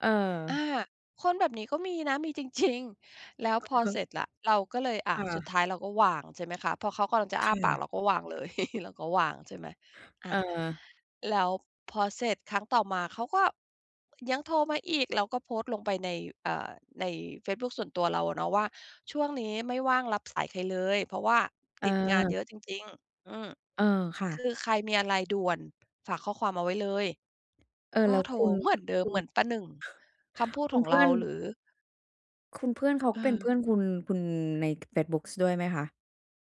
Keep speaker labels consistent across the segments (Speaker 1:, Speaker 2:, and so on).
Speaker 1: เ
Speaker 2: อา
Speaker 1: ออ
Speaker 2: คนแบบนี้ก็มีนะ มีจริง ๆ แล้ว
Speaker 1: อื
Speaker 2: พอ
Speaker 1: อฮ
Speaker 2: เ
Speaker 1: ึ
Speaker 2: สร็จแล้ว เราก็เลย อ
Speaker 1: ค
Speaker 2: ่า
Speaker 1: ่
Speaker 2: สุด
Speaker 1: ะ
Speaker 2: ท้ายเราก็วาง ใช่ไหมคะ พอเขากำลังจะ
Speaker 1: ค
Speaker 2: อ้า
Speaker 1: ่
Speaker 2: ปาก
Speaker 1: ะ
Speaker 2: เราก็วางเลย เราก็วาง ใช่ไหม อา
Speaker 1: เออ
Speaker 2: แล้วพอเสร็จครั้งต่อมา เขาก็ยังโทรมาอีก แล้วก็โพสต์ลงไปใน เอ่อ ในเฟซบุ๊กส่วนตัวเราอะเนาะว่า ช่วงนี้ไม่ว่างรับสายใครเลย เพราะว่าติดงานเ
Speaker 1: เออ
Speaker 2: ยอะจริง ๆ อืม
Speaker 1: เออ ค่ะ
Speaker 2: คือใครมีอะไรด่วน ฝากข้อความเอาไว้เลย
Speaker 1: เออ
Speaker 2: ก็
Speaker 1: แล้ว
Speaker 2: โทร
Speaker 1: คุณ
Speaker 2: เหมือนเดิ
Speaker 1: ค
Speaker 2: ม
Speaker 1: ุ
Speaker 2: เ
Speaker 1: ณ
Speaker 2: หมือนประหนึ่งคำพูด
Speaker 1: คุ
Speaker 2: ข
Speaker 1: ณ
Speaker 2: อง
Speaker 1: เพื
Speaker 2: เร
Speaker 1: ่
Speaker 2: า
Speaker 1: อน
Speaker 2: หรือ
Speaker 1: คุณเพื่อนเขา
Speaker 2: เ
Speaker 1: เป็นเพ
Speaker 2: ออ
Speaker 1: ื่อนคุณ คุณ ในเฟซบุ๊กด้วยไหมคะ?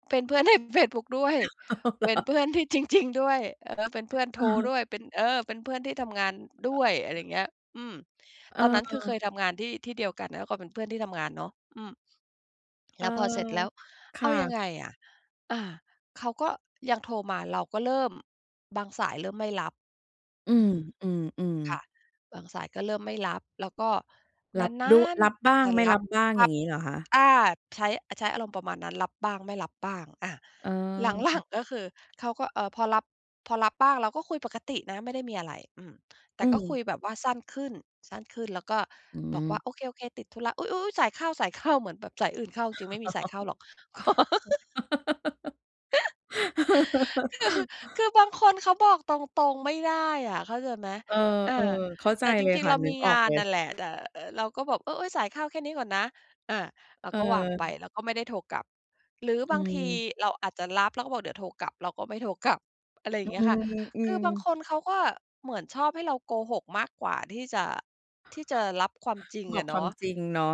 Speaker 2: เป็นเพื่อน ใน เฟซบุ๊กด้วย
Speaker 1: อ้าว เหร
Speaker 2: เป็น
Speaker 1: อ
Speaker 2: เพื่อนที่ จริง ๆ ด้วย เออ เป็นเพื่อนโ
Speaker 1: อ
Speaker 2: ท
Speaker 1: ะ
Speaker 2: ร
Speaker 1: ฮะ
Speaker 2: ด้วย เป็น เออ เป็นเพื่อนที่ทำงานด้วย อะไรเงี้ย อืม
Speaker 1: เ
Speaker 2: ตอนนั้นคือเค
Speaker 1: ออ
Speaker 2: ยทำงานที่ ที่เดียวกัน แล้วก็เป็นเพื่อนที่ทำงานเนาะ อืม
Speaker 1: เ
Speaker 2: แ
Speaker 1: อ
Speaker 2: ล
Speaker 1: อ
Speaker 2: ้วพอเสร็จแล้ว
Speaker 1: ค
Speaker 2: เอ
Speaker 1: ่
Speaker 2: ายั
Speaker 1: ะ
Speaker 2: งไงอะ อ่า เขาก็ยังโทรมา เราก็เริ่ม บางสายเริ่มไม่รับ
Speaker 1: อื
Speaker 2: อื
Speaker 1: ม
Speaker 2: ม
Speaker 1: อืม
Speaker 2: ค่
Speaker 1: ๆ
Speaker 2: ะ บางสายก็เริ่มไม่รับ แล้วก็
Speaker 1: ร
Speaker 2: น
Speaker 1: ั
Speaker 2: า
Speaker 1: บด้วย
Speaker 2: น
Speaker 1: รับ
Speaker 2: ๆ อ
Speaker 1: บ
Speaker 2: าจ
Speaker 1: ้า
Speaker 2: จ
Speaker 1: ง
Speaker 2: ะ
Speaker 1: ไม่
Speaker 2: ร
Speaker 1: ร
Speaker 2: ั
Speaker 1: ั
Speaker 2: บ
Speaker 1: บบ้าง
Speaker 2: ถ้
Speaker 1: อย
Speaker 2: า
Speaker 1: ่างงี้เหรอคะ?
Speaker 2: อา ใช้ ใช้อารมณ์ประมาณนั้น รับบ้างไม่รับบ้าง อ่า
Speaker 1: เออ
Speaker 2: หล
Speaker 1: อ
Speaker 2: ั
Speaker 1: ือ
Speaker 2: ง ๆ ก็คือเขาก็ เอ่อ พอรับ พอรับบ้าง เราก็คุยปกตินะ ไม่ได้มีอะไร อืม แต
Speaker 1: อ
Speaker 2: ่
Speaker 1: ื
Speaker 2: ก็คุ
Speaker 1: ม
Speaker 2: ยแบบว่าสั้นขึ้น สั้นขึ้น แล้วก็
Speaker 1: อื
Speaker 2: บอกว่
Speaker 1: อ
Speaker 2: า โอเค ๆ ติดธุระ อุ๊ย ๆ ๆ ๆ สายเข้า สายเข้า เหมือนแบบสายอื่นเข้า จริง ๆ ไม่มีสายเข้าหรอก ก็ คือ คือบางคนเขาบอกตรง ๆ ไม่ได้อะ เข้าใจไหม
Speaker 1: เออ
Speaker 2: อ่า
Speaker 1: ๆ เข้าใ
Speaker 2: แต
Speaker 1: จ
Speaker 2: ่จ
Speaker 1: เลย
Speaker 2: ริง
Speaker 1: ค
Speaker 2: ๆ
Speaker 1: ่
Speaker 2: เ
Speaker 1: ะ
Speaker 2: รา
Speaker 1: นึ
Speaker 2: มี
Speaker 1: กอ
Speaker 2: ง
Speaker 1: อ
Speaker 2: า
Speaker 1: ก
Speaker 2: น
Speaker 1: เลย
Speaker 2: นั่นแหละ แต่ เอ่อ เราก็บอก เอ๊ย ๆ สายเข้าแค่นี้ก่อนนะ อ่า เรา
Speaker 1: อ เ
Speaker 2: ก็ว่างไป
Speaker 1: ออ
Speaker 2: แล้วก็ไม่ได้โทรกลับ หรือ
Speaker 1: อื
Speaker 2: บางที
Speaker 1: ม
Speaker 2: เราอาจจะรับ เราก็บอกเดี๋ยวโทรกลับ เราก็ไม่โทรกลับ อะไรอย่
Speaker 1: อ
Speaker 2: า
Speaker 1: ื
Speaker 2: งเงี้ยค่ะ
Speaker 1: ม อื
Speaker 2: คือ
Speaker 1: ม
Speaker 2: บางคนเขาก็เหมือนชอบให้เราโกหกมากกว่า ที่จะ ที่จะรับความจริง
Speaker 1: บ
Speaker 2: อ
Speaker 1: อก
Speaker 2: ะเ
Speaker 1: ค
Speaker 2: นา
Speaker 1: วาม
Speaker 2: ะ
Speaker 1: จริงเนาะ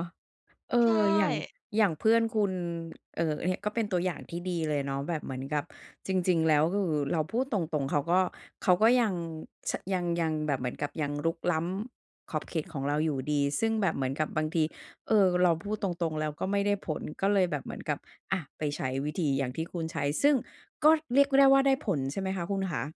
Speaker 1: เอ
Speaker 2: ใช่
Speaker 1: อ อย่าง อย่างเพื่อนคุณ เอ่อ ก็เป็นตัวอย่างที่ดีเลยเนาะ แบบเหมือนกับจริง ๆ แล้ว ก็คือเราพูดตรง ๆ เขาก็ เขาก็ยัง ช ยัง ยังแบบเหมือนกับยังรุกล้ำขอบเขตของเราอยู่ดี ซึ่งแบบเหมือนกับบางที เออ เราพูดตรง ๆ แล้ว ก็ไม่ได้ผล ก็เลยแบบเหมือนกับ อะ ไปใช้วิธีอย่างที่คุณใช้ ซึ่งก็เรียกได้ว่า ได้ผลใช่ไหมคะคุณขา?